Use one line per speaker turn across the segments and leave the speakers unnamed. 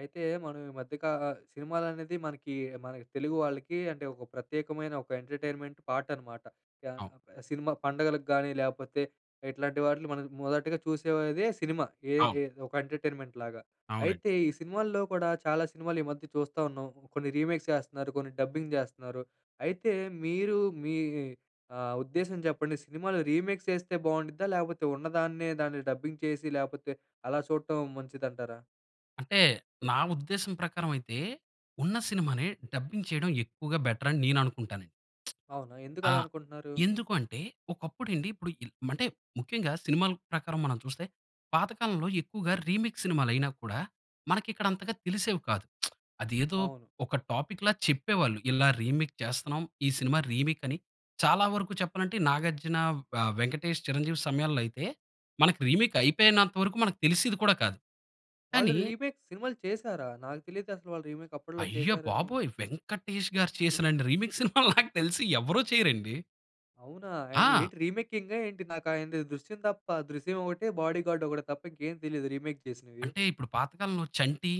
అయితే మనం ఈ మధ్యక అ సినిమాలనేది మనకి మన తెలుగు వాళ్ళకి అంటే, ఒక ప్రత్యేకమైన ఒక ఎంటర్‌టైన్‌మెంట్ పార్ట్ అనమాట.
అవును.
సినిమా పండుగలకు గానీ, లేకపోతే ఇట్లాంటి వాటిని మనం మొదటగా చూసేదే సినిమా. ఏ
అవును.
ఏ ఒక ఎంటర్‌టైన్‌మెంట్‌లాగా.
అవునండి.
అయితే ఈ సినిమాల్లో కూడా చాలా సినిమాలు ఈ మధ్య చూస్తూ ఉన్నాం. కొన్ని రీమేక్స్ చేస్తున్నారు. కొన్ని డబ్బింగ్ చేస్తున్నారు. అయితే మీరు మీ ఆహ్, ఉద్దేశం చెప్పండి? సినిమాలు రీమేక్స్ చేస్తే బాగుండిద్దా? లేకపోతే ఉన్నదాన్నే దాన్ని డబ్బింగ్ చేసి లేకపోతే అలా చూడటం మంచిదంటారా?
అంటే నా ఉద్దేశం ప్రకారం అయితే, ఉన్న సినిమాని డబ్బింగ్ చేయడం ఎక్కువగా బెటర్ అని నేను అనుకుంటానండి.
అవునా? ఎందుకు
ఆ!
అలా అనుకుంటున్నారు?
ఎందుకు అంటే ఒకప్పుడు అండి ఇప్పుడు ఇన్ మంటే ముఖ్యంగా సినిమాల ప్రకారం మనం చూస్తే, పాతకాలంలో ఎక్కువగా రీమిక్స్ సినిమాలు అయినా కూడా మనకి ఇక్కడ అంతగా తెలిసేవి కాదు. అది ఏదో
అవును.
ఒక టాపిక్‌లా చెప్పేవాళ్ళు. "ఇలా రీమిక్ చేస్తున్నాం, ఈ సినిమా రీమీక్" అని. చాలా వరకు చెప్పాలంటే 'నాగార్జున' ఆహ్, 'వెంకటేష్', 'చిరంజీవి' సమయాల్లో అయితే, మనకు రీమీక్ అయిపోయినంత వరకు మనకు తెలిసేది కూడా కాదు.
వాళ్ళు
కానీ
రీ రీమేక్ సినిమాలు చేసారా? నాకు తెలియదు అసలు వాళ్ళు రీమేక్ అప్పట్లో
అయ్య
చేసారని.
బాబోయ్! 'వెంకటేష్‌గారు' చేసినన్ని రీమిక్స్ సినిమాలు నాకు తెలిసి ఎవరు చేయరండి.
అవునా? ఆయన
ఆ!
ఏంటి రీమేకింగా ఏంటి? నాకు ఆయనది 'దృశ్యం' తప్ప 'దృశ్యం' ఒకటే 'బాడీగార్డ్' ఒకటే తప్ప ఇంకేమి తెలియదు రీమేక్ చేసినవి.
అంటే, ఇప్పుడు పాతకాలంలో 'చంటి'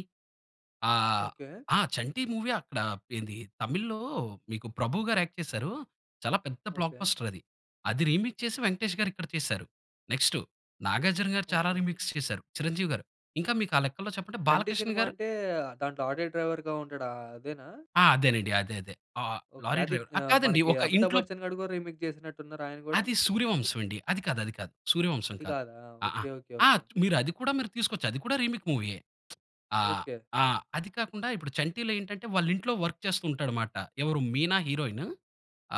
ఆహ్,
ఓకె.
ఆ! 'చంటి' మూవీ అక్కడ ఏంది, తమిళ్లో మీకు 'ప్రభు' గారు యాక్ట్ చేశారు. చాలా పెద్ద బ్లాక్
ఓకె.
బస్టర్ అది. అది రీమిక్స్ చేసి 'వెంకటేష్' గారు ఇక్కడ చేసారు. నెక్స్టు 'నాగార్జున' గారు చాలా
ఓకె.
రీమిక్స్ చేసారు, 'చిరంజీవి' గారు, ఇంకా మీకు ఆ లెక్కలో చెప్పండి
'చంటి'
'బాలకృష్ణ'
సినిమా
గారు.
అంటే, దాంట్లో ఆటో డ్రైవ‌ర్‌గా ఉంటాడు ఆహ్, అదేనా?
ఆ! అదేనండి అదే, అదే. ఆహ్,
ఓకె.
లారీ
అదిత్
డ్రైవర్ ఆహ్,
ఆహ్,
కాదండి
మనకి
ఒక
'అమితాబ్
ఇంట్లో
బచ్చన్' గారు కూడా రీమేక్ చేసినట్టు ఉన్నారు ఆయన కూడా.
అది 'సూర్యవంశం' అండి. అది కాదు, అది కాదు. 'సూర్యవంశం'
అది
కాదు.
కాదా!
అహ!
ఓకె. ఓకె.
ఆ!
ఓకె.
అది కూడా మీరు తీసుకోవచ్చు, అది కూడా రీమేక్ మూవీయే. ఆహ్,
ఓకె.
ఆహ్, అది కాకుండా ఇప్పుడు 'చంటిలో' ఏంటంటే, వాళ్ళ ఇంట్లో వర్క్ చేస్తూ ఉంటాడుమాట. ఎవరు 'మీనా' హీరోయిన్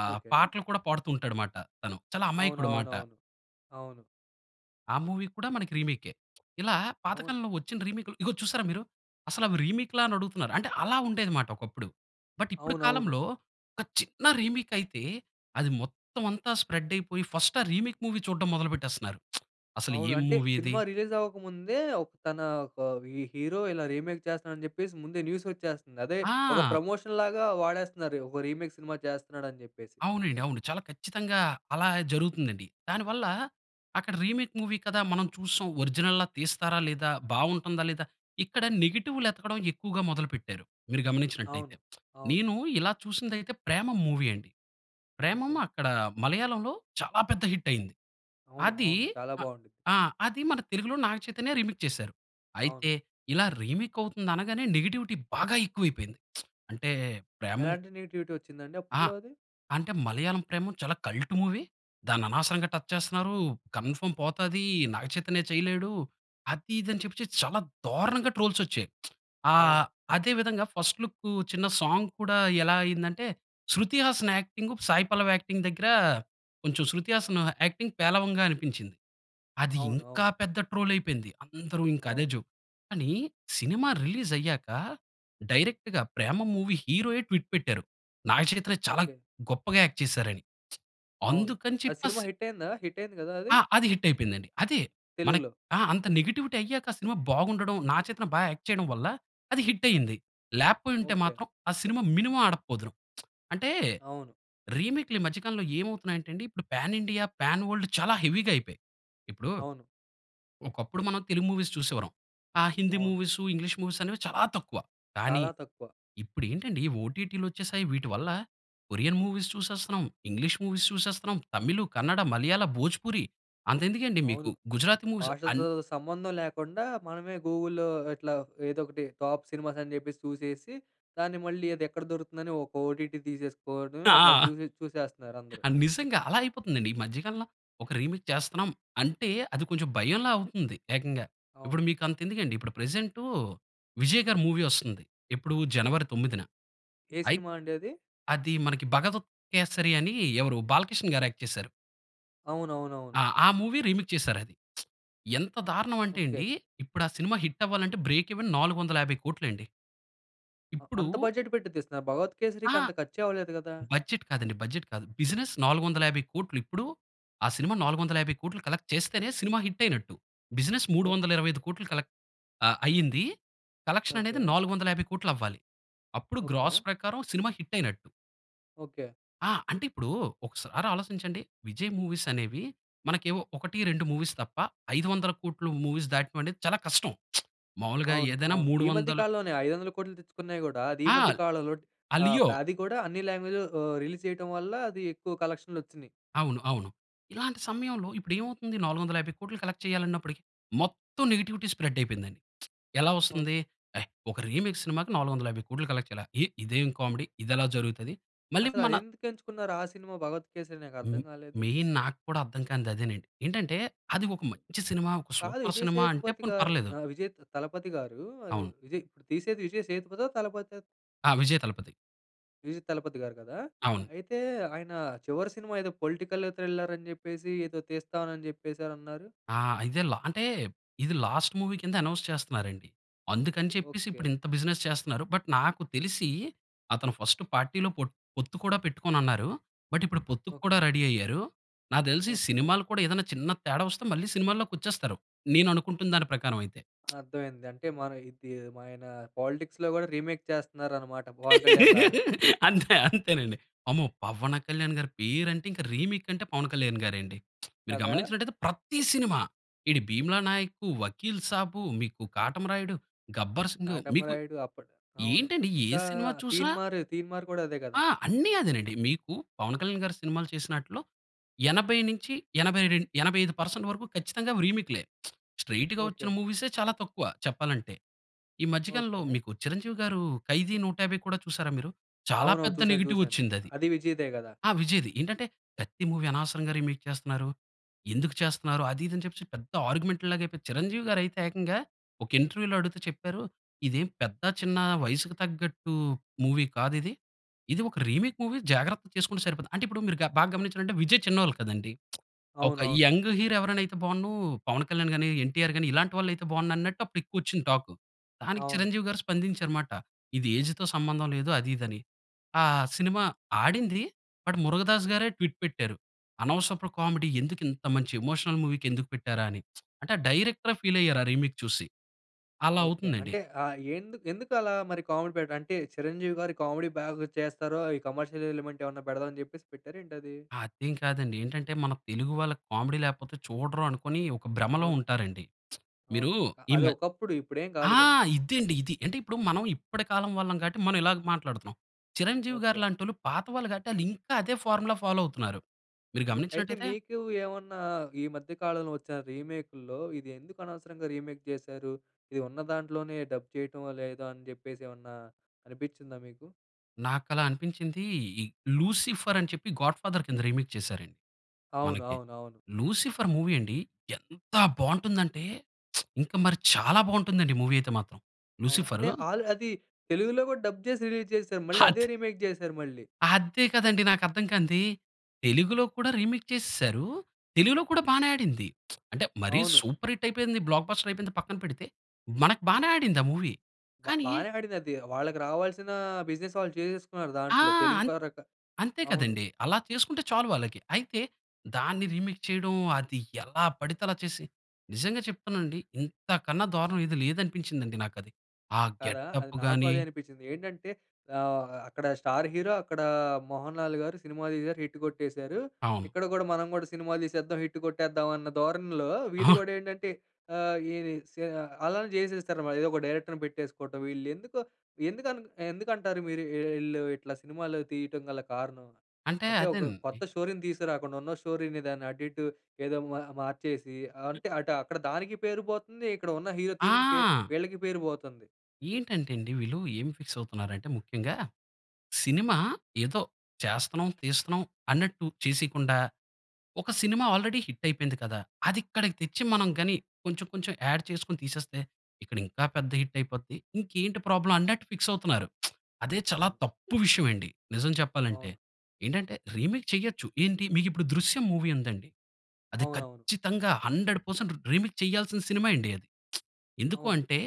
ఆహ్,
ఓకె.
పాటలు కూడా పాడుతూ ఉంటాడుమాట. తను చాలా అమాయకుడుమాట.
అవునవునవును. అవును.
ఆ మూవీ కూడా మనకి రీమేకె. ఇలా,
అవును.
పాతకాలంలో వచ్చిన రీమేక్‌లు ఇదిగో చూసారా మీరు? అసలు రీమేక్‌లా? అని అడుగుతున్నారు. అంటే అలా ఉండేదిమాట ఒకప్పుడు. బట్, ఇప్పుడు
అవునవును.
కాలంలో, ఒక చిన్న రీమేక్ అయితే, అది మొత్తం అంతా స్ప్రెడ్ అయిపోయి, ఫస్ట్ ఆ రీమేక్ మూవీ చూడడం మొదలు పెట్టేస్తున్నారు. అసలు ఏ
అవును. అంటే,
మూవీ ఇది
సినిమా రిలీజ్ అవ్వకముందే, ఒక్ తన ఒక వి హీరో ఇలా రీమేక్ చేస్తున్నాడు అని చెప్పేసి, ముందే న్యూస్ వచ్చేస్తుంది. అదే ఒక
ఆ!
ప్రమోషన్‌ లాగా వాడేస్తున్నారు. ఓహో! రీమేక్ సినిమా చేస్తున్నాడు అని చెప్పేసి.
అవునండి. అవును. చాలా ఖచ్చితంగా, అలా జరుగుతుందండి. దానివల్ల, అక్కడ రీమేక్ మూవీ కదా మనం చూసాం, ఒరిజినల్‌గా తీస్తారా లేదా, బాగుంటుందా లేదా, ఇక్కడ నెగెటివ్‌లు ఎతకడం ఎక్కువగా మొదలు పెట్టారు. మీరు గమనించినట్లయితే.
అవును. అవును.
నేను ఇలా చూసింది అయితే, 'ప్రేమం' మూవీ అండి. 'ప్రేమం,'
ఓకె.
అక్కడ మలయాళంలో చాలా పెద్ద హిట్ అయింది.
అవును,
అది
అవును. చాలా
అ
బాగుంటుది.
ఆ! అది మన తెలుగులో 'నాగచైతన్య' రీమేక్ చేసారు.
అవును.
అయితే, ఇలా రీమేక్ అవుతుంది అనగానే, నెగెటివిటీ బాగా ఎక్కువ అయిపోయింది. అంటే, ప్రేమం
ఎలాంటి నెగెటివిటీ వచ్చిందండి
ఆ!
అప్పట్లో అది?
అంటే, "మలయాళం 'ప్రేమం' చాలా కల్ట్ మూవీ. దాన్ని అనవసరంగా టచ్ చేస్తున్నారు, కన్‌ఫర్మ్ పోతది, 'నాగచైతన్య' చేయలేడు," అది, ఇది అని చెప్పేసి చాలా దారుణంగా ట్రోల్స్ వచ్చాయి. ఆహ్,
అవును.
అదే విధంగా ఫస్ట్ లుక్కు చిన్న సాంగ్ కూడా ఎలా అయింది అంటే, శృతి హాసన్ యాక్టింగ్, సాయి పల్లవి యాక్టింగ్ దగ్గర, కొంచెం 'శ్రుతి హాసన్' యాక్టింగ్ పేలవంగా అనిపించింది. అది
అవును,
ఇంకా
అవును.
పెద్ద ట్రోల్ అయిపోయింది. అందరు ఇంకా అదే
అవును.
జోక్. కాని, సినిమా రిలీజ్ అయ్యాక, డైరెక్ట్‌గా 'ప్రేమం' మూవీ హీరోయే ట్విట్ పెట్టారు. నాగ చైతన్య చాలా
ఓకె.
గొప్పగా యాక్ట్ చేసారని.
అవును.
అందుకని
ఆ
చెప్పి
సినిమా
స్
హిట్ అయిందా? హిట్ అయింది కదా అది?
ఆ! అది హిట్ అయిపోయిందండి. అదే, మన
తెలుగులో?
ఆహ్, అంత నెగెటివిటీ అయ్యాక ఆ సినిమా బాగుండడం, 'నాగచైతన్య' బా యాక్ట్ చేయడం వల్ల అది హిట్ అయింది. లేకపోయింటే
ఓకె.
మాత్రం, ఆ సినిమా మినిమమ్ ఆడకపోదును. అంటే,
అవును.
రీమేక్‌లు ఈ మధ్య కాలంలో ఏమవుతున్నాయంటే అండి, ఇప్పుడు పాన్ ఇండియా, పాన్ వరల్డ్ చాలా హెవీగా అయిపోయాయి. ఇప్పుడు,
అవును.
ఒకప్పుడు మనం తెలుగు మూవీస్ చూసేవరం. ఆ హిందీ
అవును.
మూవీసు, ఇంగ్లీష్ మూవీసు అనేవి చాలా తక్కువ. కానీ,
చాలా తక్కువ.
ఇప్పుడు ఏంటండి ఓటీటీలు వచ్చేసాయి. వీటి వల్ల కొరియన్ మూవీస్ చూసేస్తున్నాం, ఇంగ్లీష్ మూవీస్ చూసేస్తున్నాం, తమిళు, కన్నడ, మలయాళ, భోజపూరి అంత ఎందుకండి మీకు,
అవును.
గుజరాతి మూవీస్ అన్
భాషతో సంబంధం లేకుండా, మనమే గూగుల్‌లో ఇట్లా ఏదో ఒకటి టాప్ సినిమాస్ అని చెప్పేసి చూసేసి, దాన్ని మళ్ళీ అది ఎక్కడ దొరుకుతుందని ఒక ఓటీటీ తీసేసుకోవడం.
ఆ! ఆ!
అట్లా చూసి చూసేస్తున్నారు అందరూ.
ఆ! నిజంగా అలా అయిపోతుందండి. ఈ మధ్య కాలంలో ఒక రీమేక్ చేస్తున్నాం, అంటే అది కొంచెం భయంలా అవుతుంది ఏకంగా. ఇప్పుడు
అవును.
మీకు అంత ఎందుకండి, ఇప్పుడు ప్రెజెంటూ విజయ్ గారి మూవీ వస్తుంది ఎప్పుడు, జనవరి 9న
ఏ
అయితే,
సినిమా అండి అది?
అదీ 'మనకి భగవత్ కేసరి' అని ఎవరు 'బాలకృష్ణ' గారు యాక్ట్ చేసారు.
అవునవునవును.
ఆ! ఆ మూవీ రీమేక్ చేసారు అది. ఎంత దారుణం అంటే,
ఓకె.
అండి ఇప్పుడు ఆ సినిమా హిట్ అవ్వాలంటే బ్రేక్ ఈవెన్ 450,00,00,000 అండి.
ఆ!
ఇప్పుడు
అంత బడ్జెట్ పెట్టి తీస్తున్నారు భగవత్
ఆ!
కేసరికి అంత ఖర్చే అవ్వలేదు కదా?
బడ్జెట్ కాదండి, బడ్జెట్ కాదు. బిజినెస్ 450,00,00,000 ఇప్పుడు ఆ సినిమా 450,00,00,000 కలెక్ట్ చేస్తేనే సినిమా హిట్ అయినట్టు. బిజినెస్ మూడు
ఓహ్!
వందల ఇరవై ఐదు కోట్లు కలెక్ట్ ఆహ్, అయ్యింది. కలెక్షన్ అనేది
ఓకే.
450,00,00,000 అవ్వాలి. అప్పుడు
ఓకే.
గ్రాస్ ప్రకారం సినిమా హిట్ అయినట్టు.
ఓకే.
ఆ! అంటే, ఇప్పుడు ఒకసారి ఆలోచించండి విజయ్ మూవీస్ అనేవి మనకేవో 1, 2 మూవీస్ తప్ప 500,00,00,000 మూవీస్ దాటడం అనేది చాలా కష్టం. మామూలుగా
అవును.
ఏదైనా
అవును.
మూడు
ఈ మధ్య
వందల
కాలంలోనే 500,00,00,000 తెచ్చుకున్నాయి కూడా, అది ఈ
ఆ!
మధ్య కాలంలో
ఆ
ఆహ్, ప
'లియో'.
అది కూడా అన్ని లాంగ్వేజ్‌లో ఆహ్, రిలీజ్ చేయటం వల్ల అది ఎక్కువ కలెక్షన్‌లు వచ్చినియి.
అవును. అవును. ఇలాంటి సమయంలో ఇప్పుడేమవుతుంది 450,00,00,000 కలెక్ట్ చేయాలి అన్నప్పటికి మొత్తం నెగెటివిటి స్ప్రెడ్ అయిపోయిందండి. ఎలా
ఓహ్!
వస్తుంది? ఎహ్! ఒక రీమేక్ సినిమాకి 450,00,00,000 కలెక్ట్ చేయాల? ఎయ్! ఇదేం కామెడీ ఇది ఎలా జరుగుతది? మళ్ళి మన
అసలదెందుకు ఎంచుకున్నారు ఆ సినిమా 'భగవత్ కేసరి'?
హుహు.
నాకర్థం కాలేదు.
మెయిన్ నాకు కూడా అర్థం కానిది అదేనండి. ఏంటంటే, అది ఒక మంచి సినిమా, ఒక
కాదు
సూపర్
విజయ్
సినిమా అంటే పోనీ
సేతుపతిగారు
పర్లేదు.
ఆహ్, విజయ్ త తలపతిగారు అది
అవును.
విజయ్ ఇప్పుడు తీసేది విజయ్ సేతుపతా? తలపతా?
ఆ! విజయ్ తలపతి.
విజయ్ తలపతి గారు కదా!
అవును.
అయితే ఆయన చివరి సినిమా ఏదో పొలిటికల్ థ్రిల్లర్ అని చెప్పేసి ఏదో తీస్తానని చెప్పేసానన్నారు.
ఆ! ఇదెల అంటే ఇది లాస్ట్ మూవీ కింద అనౌన్స్ చేస్తున్నారు అండి. అందుకని చెప్పేసి,
ఓకె.
ఇప్పుడు ఇంత బిజినెస్ చేస్తన్నారు. బట్ నాకు తెలిసి, అతను ఫస్ట్ పార్టీలో పొట్ పొత్తు కూడా పెట్టుకోనున్నారు. బట్ ఇప్పుడు పొత్తుక్కూడా
ఓకె.
రెడీ అయ్యారు. నాకు తెలిసి
ఓకె.
సినిమాలు కూడా ఏదైనా చిన్న తేడా వస్తే, మళ్ళీ సినిమాలోకి వచ్చేస్తారు. నేను అనుకుంటున్న దాని ప్రకారం అయితే.
అర్థమైంది. అంటే మన ఇది మన పాలిటిక్స్‌లో కూడా రీమేక్ చేస్తున్నారన్నమాట, పవన్ కళ్యాణ్‌ లాగా.
అంతే, అంతేనండి. అమ్మో! పవన్ కళ్యాణ్ గారి పేరు అంటే, ఇంకా రీమేక్ అంటే పవన్ కళ్యాణ్ గారే అండి. మీరు
కదా!
గమనించినట్లయితే ప్రతి సినిమా, ఏటి ఈ 'భీమలా నాయక్', 'వకీల్ సాబ్', మీకు 'కాటమరాయుడు', 'గబ్బర్ సింగ్' మీకు
'కాటమరాయుడు' అప్పుడు అవును.
ఏంటండి? ఏ
ఇంకా
సినిమా చూసినా
'తీన్మార్', 'తీన్మార్' కూడా అదే కదా!
ఆ! అన్ని అదేనండి. మీకు పవన్ కళ్యాణ్ గారు సినిమాలు చేసినాట్లో, 80 నుంచి ఎనబై రెండ్ ఎనబై ఐదు పర్సెంట్ వరకు ఖచ్చితంగా అవి రీమేక్‌లే. స్ట్రెయిట్‌గా వచ్చిన
ఓకె.
మూవీసే చాలా తక్కువ చెప్పాలంటే. ఈ మధ్య కాలంలో
ఓకె.
మీకు చిరంజీవి గారు 'ఖైదీ నూట యాబై' కూడా చూసారా మీరు? చాలా
అవునవును.
పెద్ద
చూసాను,
నెగెటివ్
చూసాను.
వచ్చిందది.
అదీ విజయ్‌దే కదా!
ఆ! విజయ్‌ది. ఏంటంటే ప్రతి మూవీ అనవసరంగా రీమేక్ చేస్తున్నారు. ఎందుకు చేస్తున్నారు? అది ఇది అని చెప్పేసి పెద్ద ఆర్‌గ్యుమెంట్‌ లాగా అయిపోయి, చిరంజీవి గారయితే ఏకంగా ఒక ఇంటర్వ్యూలో అడుగుతే చెప్పారు, "ఇదేం పెద్ద చిన్న వయసుకి తగ్గట్టు మూవీ కాదిది. ఇది ఒక రీమేక్ మూవీ జాగ్రత్త చేసుకుంటే సరిపోతుంది." అంటే, ఇప్పుడు మీరు బా గమనించారంటే, విజయ్ చిన్నోళ్ళు కదండీ! ఒక
అవునవును.
యంగ్ హీరో ఎవరైనా అయితే బావున్ను. పవన్ కళ్యాణ్ గాని ఎన్టీఆర్ గాని ఇలాంటి వాళ్ళు అయితే బావున్నన్నట్టు అప్పుడు ఎక్కువ వచ్చింది టాక్. దానికి
అవును.
చిరంజీవి గారు స్పందించారు మాట. "ఇది ఏజ్‌తో సంబంధం లేదు," అది ఇది అని. ఆ సినిమా ఆడింది, బట్ మురుగదాస్ గారే ట్విట్ పెట్టారు. "అనవసరపు కామెడీ ఎందుకు ఇంత మంచి ఎమోషనల్ మూవీకి ఎందుకు పెట్టారా?" అని. అంటే ఆ డైరెక్ట‌రే ఫీల్ అయ్యారు, ఆ రీమేక్ చూసి. అలా
ఓకె.
అవుతుందండి.
అంటే ఆహ్, ఎందు ఎందుకు అలా మరి కామెడీ పెట్ట అంటే చిరంజీవి గారు, కామెడీ బాగా చేస్తారో, ఈ కమర్‌షియల్ ఎలిమెంట్ ఏమన్నా పెడదాం అని చెప్పేసి పెట్టార ఏంటది?
అదేం కాదండి. ఏంటంటే మన తెలుగు వాళ్ళకి కామెడీ లేకపోతే చూడరు అనుకోని, ఒక భ్రమలో
అవును.
ఉంటారండి.
అవును.
మీరు
అ
ఈ మ
అదొకప్పుడు, ఇప్పుడేం కాదు
ఆ!
కదా!
ఇదే అండి, ఇది. అంటే ఇప్పుడు మనం ఇప్పటి కాలం వాళ్ళం కాబట్టి మనం ఇలాగ మాట్లాడుతున్నాం. చిరంజీవి గారి
ఓకె.
లాంటోళ్ళు పాత వాళ్ళు కాబట్టి ఆళ్ళింకా అదే ఫార్ములా ఫాలో అవుతున్నారు. మీరు
అయి అయితే
గమనించినట్లయితే
మీకు ఏవన్నా ఈ మధ్య కాలంలో వచ్చిన రీమేకుల్లో, ఇది ఎందుకు అనవసరంగా రీమేక్ చేశారు? ఇది ఉన్న దాంట్లోనే డబ్ చేయటమో, లేదో అని చెప్పేసి ఏవన్నా, అనిపించిందా మీకు?
నాకు అలా అనిపించింది ఈ 'లూసిఫర్' అని చెప్పి 'గాడ్ ఫాదర్' కింద రీమేక్ చేసారండి
అవును.
మనకి.
అవును. అవును.
లూసిఫర్ మూవీ అండి ఎంత బాగుంటుంది అంటే ఇంక మరి చాలా బాగుంటుంది అండి మూవీ అయితే మాత్రం.
అవును. అదే
లూసిఫరు
ఆళ్ళు అది తెలుగులో కూడా డబ్ చేసి రిలీజ్ చేసారు. మళ్ళీ అదే
హత్
రీమేక్ చేసారు మళ్ళీ.
అదే కదండీ నాకర్థం కానిది. తెలుగులో కూడా రీమేక్ చేసేసారు. తెలుగులో కూడా బానే ఆడింది. అంటే మరి
అవును.
సూపర్ హిట్ అయిపోయింది బ్లాక్ బస్టర్ అయిపోయింద పక్కన పెడితే. మనకు బానే ఆడింది ఆ మూవీ.
బా
కానీ
బానే ఆడిందది. వాళ్ళకి రావాల్సిన బిజినెస్ వాళ్ళు చేసేసుకున్నారు
ఆ!
దాంట్లో. తెలుగు
అన్
పరక
అంతే
అవును.
కదండి. అలా చేసుకుంటే చాలు వాళ్ళకి. అయితే, దాన్ని రీమేక్ చేయడం అది ఎలా పడితే అలా చేసి. నిజంగా చెప్తాను అండి ఇంతకన్నా దారుణం ఏది లేదనిపించింది నాకది. ఆ
కదా. అది
గెటప్పు
నాకు
గాని
అదే అనిపించింది. ఏంటంటే ఆహ్, అక్కడ స్టార్ హీరో, అక్కడ 'మోహన్లాల్' గారు సినిమా తీశారు హిట్ కొట్టేసారు.
అవును.
ఇక్కడ కూడా మనం కూడా సినిమాలు తీసేద్దాం, హిట్ కొట్టేద్దాం అన్న ధోరణిలో వీళ్ళు
అహా!
కూడా ఏంటంటే ఆహ్, ఏరి స్యా అలానే చేసేస్తారన్న మాట. ఏదో ఒక డైరెక్టర్‌ని పెట్టేసుకోవటం వీళ్ళు. ఎందుకు ఎందుకు అన్ ఎందుకంటారు మీరు వీళ్ళు ఇట్లా సినిమాలు తీయడం గల కారణం?
అంటే
అంటే ఒక
అదేనండి.
కొత్త స్టోరీని తీసుకురాకుండా ఉన్న స్టోరీని దాన్ని అటు ఇటు ఏదో మూఆ మార్చేసి అంటే అటు అక్కడ దానికి పేరు పోతుంది ఇక్కడ ఉన్న హీరో తీసిన పే
ఆ!
వీళ్ళకి పేరు పోతుంది.
ఏంటంటే అండి వీళ్ళు ఏమి ఫిక్స్ అవుతున్నారు అంటే ముఖ్యంగా. సినిమా ఏదో చేస్తున్నాం, తీస్తున్నాం, అన్నట్టు చేసికుండా "ఒక సినిమా ఆల్రెడీ హిట్ అయిపోయింది కదా. అది ఇక్కడ తెచ్చి మనం గాని కొంచెం కొంచెం ఆడ్ చేసుకొని తీసేస్తే, ఇక్కడ ఇంకా పెద్ద హిట్ అయిపోద్ది. ఇంకేంటి ప్రాబ్లమ్ అన్నట్టు ఫిక్స్ అవుతున్నారు." అదే చాలా
అవును.
తప్పు విషయం అండి. నిజం చెప్పాలంటే.
అవును.
ఏంటంటే రీమేక్ చేయొచ్చు ఏంటి మీకు ఇప్పుడు 'దృశ్యం' మూవీ ఉందండి. అది
అవునవును.
ఖచ్చితంగా 100% రీ రీమేక్ చేయాల్సిన సినిమా అండి అది. ఎందుకు
అవును.
అంటే?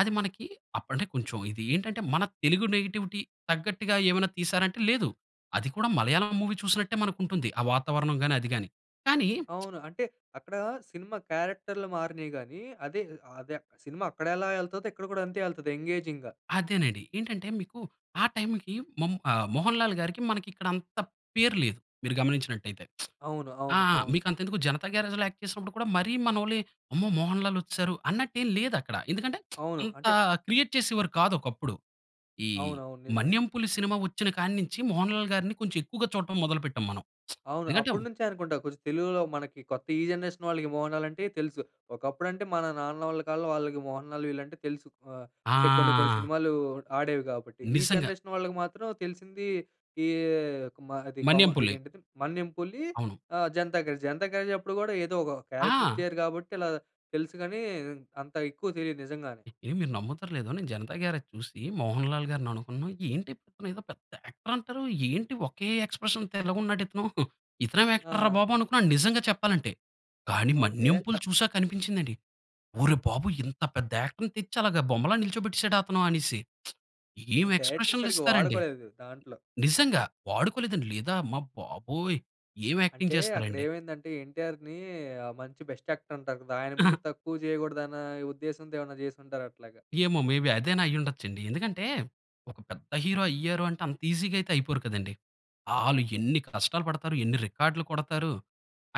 అది మనకి అప్పుడు అంటే కొంచెం ఇది ఏంటంటే, మన తెలుగు నేటివిటీ తగ్గట్టుగా ఏమైనా తీశారా? అంటే లేదు. అది కూడా మలయాళం మూవీ చూసినట్టే మనకు ఉంటుంది. ఆ వాతావరణం గాని అది గాని. కానీ
అవును. అంటే, అక్కడ సినిమా క్యారెక్టర్లు మారినాయి గాని, అదే అదే సినిమా అక్కడ ఎలా ఎళ్తదో ఇక్కడ కూడా అంతే ఎళ్తది ఎంగేజింగ్‌గా.
అదేనండి. ఏంటంటే మీకు ఆ టైమ్‌కి మము ఆహ్, 'మోహన్ లాల్' గారికి మనకి ఇక్కడ అంత పేరు లేదు మీరు గమనించినట్లయితే.
అవును,
ఆ!
అవును, అవును.
మీకు అంతెందుకు 'జనతా గ్యారేజ్'‌లో యాక్ట్ చేసినప్పుడు కూడా మరి మనోళ్ళు "అమ్మో! 'మోహన్ లాల్' వచ్చిసరు" అన్నట్టు ఏమి లేదు అక్కడ. ఎందుకంటే,
అవును
అంత
అంటే
క్రియేట్ చేసేవారు కాదు ఒకప్పుడు. ఈ
అవునవును. నిజమే.
'మన్యం పులి' సినిమా వచ్చిన కాడినుంచి 'మోహన్ లాల్' గారిని కొంచెం ఎక్కువగా చూడటం మొదలు పెట్టాం మనం.
అవును.
ఎందుకంటే
అప్పటినుంచే అనుకుంటా కొంచెం తెలుగులో మనకి కొత్త ఈ జనరేషన్ వాళ్ళకి 'మోహన్ లాల్' అంటే తెలుసు. ఒకప్పుడంటే మన నాన్న వాళ్ళ కాలంలో వాళ్ళకి 'మోహన్ లాల్' వీళ్ళంటే తెలుసు. ఆహ్, అంటే కొన్ని కొన్ని
ఆ!
సినిమాలు ఆడేవి కాబట్టి. ఈ
నిజంగా.
జనరేషన్ వాళ్ళకి మాత్రం తెలిసింది ఈ మా అది కొమ్మ
'మన్యం పులి'.
ఇదేంటిది 'మన్యం పులి'
అవును.
ఆహ్, 'జనతా గ్యారేజ్'. 'జనతా గ్యారేజ్' అప్పుడు కూడా ఏదో ఒక క్యారెక్టర్
ఆ!
ఇచ్చారు కాబట్టి, ఇలా తెలుసు కానీ అంత ఎక్కువ తెలియదు నిజంగా.
ఎండి మీరు నమ్ముతారో లేదో నిను 'జనతా గ్యారేజ్' చూసి, 'మోహన్ లాల్' గారిని అనుకున్నాను ఏంటి? ఇతనిదో పెద్ద యాక్టర్ అంటారు. ఏంటి ఒకే ఎక్స్ప్రెషన్‌తో ఇలాగున్నాడు ఇతను. ఇతనేం యాక్టర్ రా
ఆ!
బాబు అనుకున్నా నిజంగా చెప్పాలంటే. కానీ
ఓకె.
'మన్యం పులి'
త
చూసక కనిపించింది అండి. ఒరీ బాబోయి! ఇంత పెద్ద యాక్టర్‌ని తెచ్చి అలగా బొమ్మలా నిల్చోబెట్టేసాడ అతను అనేసి.
అది
ఏమి
డైరెక్టర్
ఎక్స్ప్రెషన్లు
సరిగ్గా
ఇస్తారండి.
వాడుకోలేదు దాంట్లో.
నిజంగా. వాడుకోలేదని లేదా అమ్మ బాబోయ్ ఏమ్ యాక్టింగ్
అంటే, అక్కడ
చేస్తున్నారండి.
ఏమైందంటే 'ఎన్టీఆర్‌ని' మంచి బెస్ట్ యాక్టర్ అంటారు కదా. ఆయన ముందు తక్కువ చేయకూడదు అనా ఉద్దేశ్యంతో ఏమైనా చేసుంటారు అట్లాగా.
ఏమో, మేబి అదైన అయిఉండచ్చు అండి. ఎందుకంటే ఒక పెద్ద హీరో అయ్యారు అంటే అంత ఈజిగా అయితే అయిపోరు కదండి. ఆలు
ఓకె.
ఎన్ని కష్టాలు పడతారు. ఎన్ని రికార్డ్లు కొడతారు.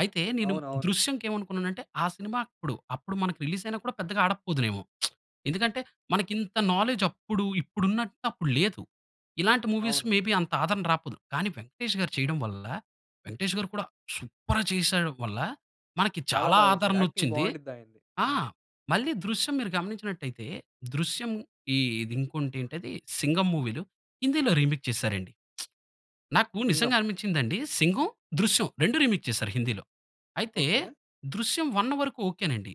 అయితే నేను
అవునవును.
'దృశ్యం‌కి' ఏమనుకున్నాను అంటే, ఆ సినిమా అప్పుడు అప్పుడు మనకు రిలీజ్ అయినా కూడా పెద్దగా ఆడకపోదునేమో. ఎందుకంటే, మనకు ఇంత నాలెడ్జ్ అప్పుడు ఇప్పుడు ఉన్నటు అప్పుడు లేదు. ఇలాంటి మూవీస్
అవును.
మేబి అంత ఆదరణ రాకపోదు. కానీ 'వెంకటేష్' గారు చేయడం వల్ల, 'వెంకటేష్' గారు కూడా సూపర్‌‌గా చేసేయడం వల్ల మనకి
చాలా
చాలా
బాగా చేసారు. యాక్టింగ్
ఆదరణొచ్చింది.
బాగుండిద్ది ఆయనది.
ఆ!
అవును.
మళ్ళీ 'దృశ్యం' మీరు గమనించినటయితే, 'దృశ్యం' ఇ ఇది ఇంకోటి ఏంటిది 'సింగం' మూవీలు హిందీలో రీమేక్ చేసారండి. నాకు నిజంగా
'సింగం.'
అనిపించిందండి 'సింగం', 'దృశ్యం' 2 రీమేక్ చేసారు హిందీలో. అయితే,
ఓకె.
దృశ్యం 1 వరకు ఒకెనండి.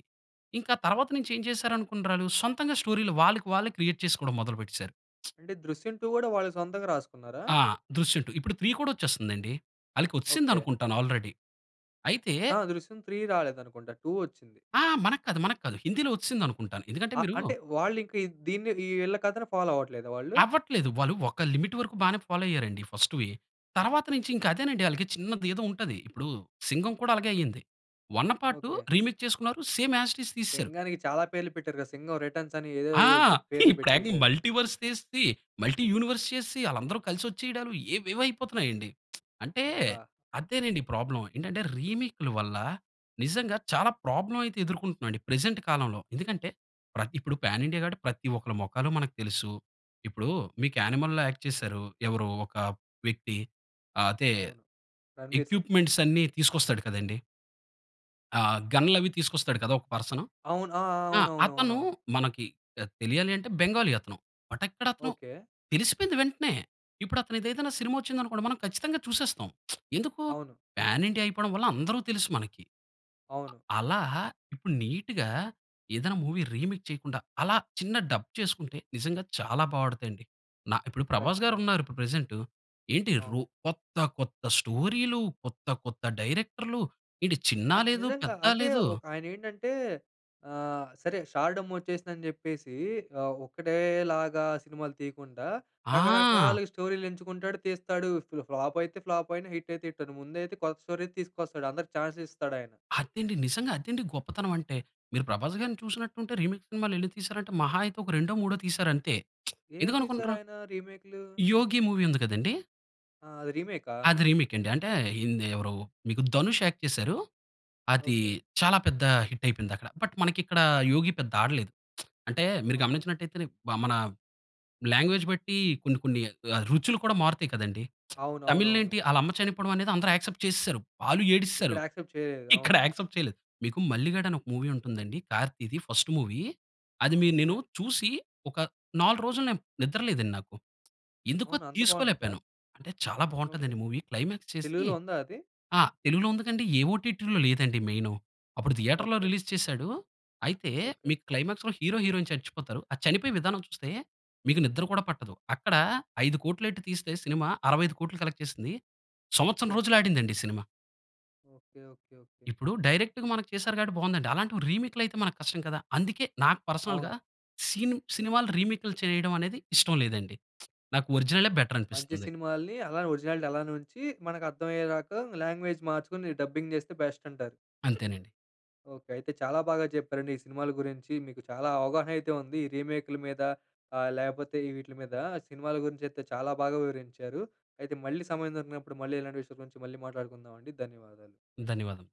ఇంకా తర్వాత నుంచి ఏం చేసారు అనుకున్నరాలు సొంతంగా స్టోరీలు వాళ్ళకి వాళ్ళే క్రియేట్ చేసుకోవడం మొదలు పెట్టేసారు.
అంటే 'దృశ్యం టూ' కూడా వాళ్ళు సొంతంగా రాసుకున్నారా?
ఆ! 'దృశ్యం టూ' ఇప్పుడు 3 కూడా వచ్చేస్తుంది అండి. ఆలికి వచ్చిసింది
ఓకె.
అనుకుంటాను ఆల్రెడీ. అయితే
ఆ! 'దృశ్యం త్రీ' రాలేదు అనుకుంటా 2 వచ్చింది.
ఆ! మనకు కాదు, మనకు కాదు హిందీలో వచ్చిసింది అనుకుంటాను. ఎందుకంటే
అ!
మీరు
అంటే వాళ్ళు ఇంక దీన్ని వీళ్ళ కథను ఫాలో అవ్వట్లేదా వాళ్ళు?
అవ్వట్లేదు. వాళ్ళు ఒక లిమిట్ వరకు బానే ఫాలో అయ్యారండి ఫర్స్ట్‌వి. తర్వాత నుంచి ఇంకా అదేనండి ఆళ్ళకి చిన్నది ఏదో ఉంటది. ఇప్పుడు 'సింగం' కూడా అలాగే అయింది. 1 పార్ట్
ఓకె.
రిమిక్ చేసుకున్నారు సేమ్ యాజ్ ఇట్ ఈజ్ తీసేసారు.
సింగానికి చాలా పేర్లు పెట్టారు కదా. సింగం రిటర్న్స్ అని ఏదో
ఆ!
ఏదో జో పేర్లు
ఇప్పుడు ఏకంగా
పెట్టేసారు.
మల్టీవర్స్ చేసి, మల్టీ యూనివర్స్ చేసి ఆళ్ళందరూ కలిసి వచ్చేయడాలు ఏవేవో అయిపోతున్నాయి అండి. అంటే
అబ్బా!
అదేనండి ప్రాబ్లమ్. ఏంటంటే రీమేక్ల వల్ల నిజంగా చాలా ప్రాబ్లమ్ అయితే ఎదుర్కొంటున్నా అండి ప్రెజెంట్ కాలంలో. ఎందుకంటే, ప్ర ఇప్పుడు పాన్ ఇండియా కాబట్టి ప్రతి ఒక్కరి మొఖాలు మనకు తెలుసు. ఇప్పుడు మీకు 'యానిమల్‌‌'లో యాక్ట్ చేసారు. ఎవరు ఒక వ్యక్తి. అదే
అవును. 'రణ్బీర్ సింగ్'.
ఎక్విప్మెంట్స్ అన్ని తీసుకొస్తాడు కదండీ. ఆ! గన్‌లవి తీసుకొస్తాడు కదా! ఒక పర్సను.
అవును. ఆ!
ఆ! అతను
అవునవునవునవును!
మనకి పెద్ తెలియాలి అంటే బెంగాలీ అతను. బట్ ఎక్కడ అతను
ఓకే.
తెలిసిపోయింది వెంటనే. ఇప్పుడు అతను ఏదైనా సినిమా వచ్చింది అనుకోండి, మనం ఖచ్చితంగా చూసేస్తాం. ఎందుకూ
అవును.
పాన్ ఇండియా అయిపోవడం వల్ల అందరు తెలుసు మనకి.
అవును.
అలా ఇప్పుడు నీట్‌గా ఏదైనా మూవీ రీమేక్ చేయకుండా అలా చిన్న డబ్ చేసుకుంటే నిజంగా చాలా బా ఆడుద్దండి. న ఇప్పుడు
ఖచ్చితంగా.
'ప్రభాస్‌గారున్నారు' ఇప్పుడు ప్రెజెంటు ఏంటి రు
అవును.
కొత్త, కొత్త స్టోరీలు, కొత్త, కొత్త డైరెక్టర్‌లు ఏంటి, చిన్నా
అయి
లేదూ,
నిజంగా.
పెద్ద
అంటే
లేదూ.
ఒ ఆయన ఏంటంటే ఆహ్, సరే స్టార్డమ్ వచ్చేసిందని చెప్పేసీ ఆహ్, ఒక్కటేలాగా సినిమాలు తీయకుండా
ఆ!
రకరకాలుగా స్టోరీలు ఎంచుకుంటాడు. తీస్తాడు. ఫ్లు ఫ్లాప్ అయితే ఫ్లాప్ అయినా, హిట్ అయితే హిట్ అయినాయి. ముందైతే కొత్త స్టోరీ తీసుకొస్తాడు. అందరికి చాన్స్ ఇస్తాడాయన.
అదండి! నిజంగా అదండి గొప్పతనం అంటే. మీరు 'ప్రభాస్‌గారిని' చూసినట్టుంటే రీమేక్ సినిమాలెన్ని తీసారంటే మహా అయితే ఒక 2, 3 తీసారంతే.
ఏమేం
ఎందుకు అనుకుంటరూ?
తీసారాయన రీమెక్‌లు?
'యోగి' మూవి ఉంది కదండీ...
ఆ! అది రీమెకా?
అది రీమేక్ అండి. అంటే ఏంది ఎవరు మీకు 'ధనుష్' యాక్ట్ చేసారు. అది
ఓకే.
చాలా పెద్ద హిట్ అయిపోయిందక్కడ. బట్ మనకిక్కడ 'యోగి' పెద్ద ఆడలేదు. అంటే మీరు
ఓకే.
గమనించినట్టయితే మన లాంగ్‌వేజ్ బట్టి కొన్ని, కొన్ని ఆహ్, రుచులు కూడా మారుతాయి కదండీ. తమిళ్‌లో
అవునవునవును.
ఏంటి ఆళ్ళమ్మ చనిపోవడమనేది అందరు యాక్సెప్ట్ చేసేసారు. వాళ్ళు
ఇక్కడ
ఏడిస్సారు.
యాక్సెప్ట్ చేయలేదు.
ఇక్కడ
అవును
యాక్సెప్ట్ చేయలేదు. మీకు 'మల్లిగాడు' అని ఒక మూవీ ఉంటుందండి 'కార్తిది' ఫస్ట్ మూవీ. అది మి నేను
ఓకే.
చూసి ఒక 4 రోజులు నేను నిద్ర లేదండి నాకు. ఎందుకో
అవునా? అంత బావుండిద్దా?
తీసుకోలేపోయాను. అంటే చాలా
ఓకే.
బావుంటాదండి మూవీ. క్లైమాక్స్ చేసీ
తెలుగులో ఉందా అది?
ఆ! తెలుగులో ఉందికండి. ఏ ఒటిటిలో లేదండి మెయిను. అప్పుడు థియేటర్‌లో
ఓకే.
రిలీజ్ చేసాడు. అయితే
ఓకే.
మీకు క్లైమాక్స్‌లో హీరో, హీరోయిన్ చచ్చిపోతారు. ఆ చనిపోయే విధానం చూస్తే మీకు నిద్ర కూడా పట్టదు. అక్కడ 5,00,00,000 ఎట్టి తీస్తే సినిమా 65,00,00,000 కలెక్ట్ చేసింది. సంవత్సరం
ఓకే.
రోజులాడిందండి సినిమా.
ఓకే. ఓకే. ఓకే.
ఇప్పుడు డైరెక్ట్‌గా మనకి చేసారు కాబట్టి బావుందండి. అలాంటివి రీమేక్‌లు అయితే మనకు కష్టం కదా! అందుకే నాకు పర్సనల్‌గా
అవును.
సీన్ సినిమాలు రీమేకులు చేయడం అనేది ఇష్టం లేదండి. నాకు ఒరిజినలే బెటర్
మంచి
అనిపిస్తుంది.
సినిమాల్ని అలా ఒరిజినాలిటి అలానే ఉంచి, మనకు అర్థం అయ్యేదాక లాంగ్‌వేజ్ మార్చుకొని డబ్బింగ్ చేస్తే బెస్ట్ అంటారు.
అంతేనండి.
ఓకే. అయితే చాలా బాగా చెప్పారండి ఈ సినిమాల గురించి. మీకు చాలా అవగాహన అయితే ఉంది. ఈ రీమేక్‌లా మీద ఆహ్, లేపోతే ఈ వీటిల మీద సినిమాల గురించి అయితే చాలా బాగా వివరించారు. అయితే మళ్ళీ సమయం దొరికినప్పుడు మళ్ళీ ఇలాంటి విషయాల గురించి మళ్ళీ మాట్లాడుకుందామండి. ధన్యవాదాలు.
ధన్యవాదం.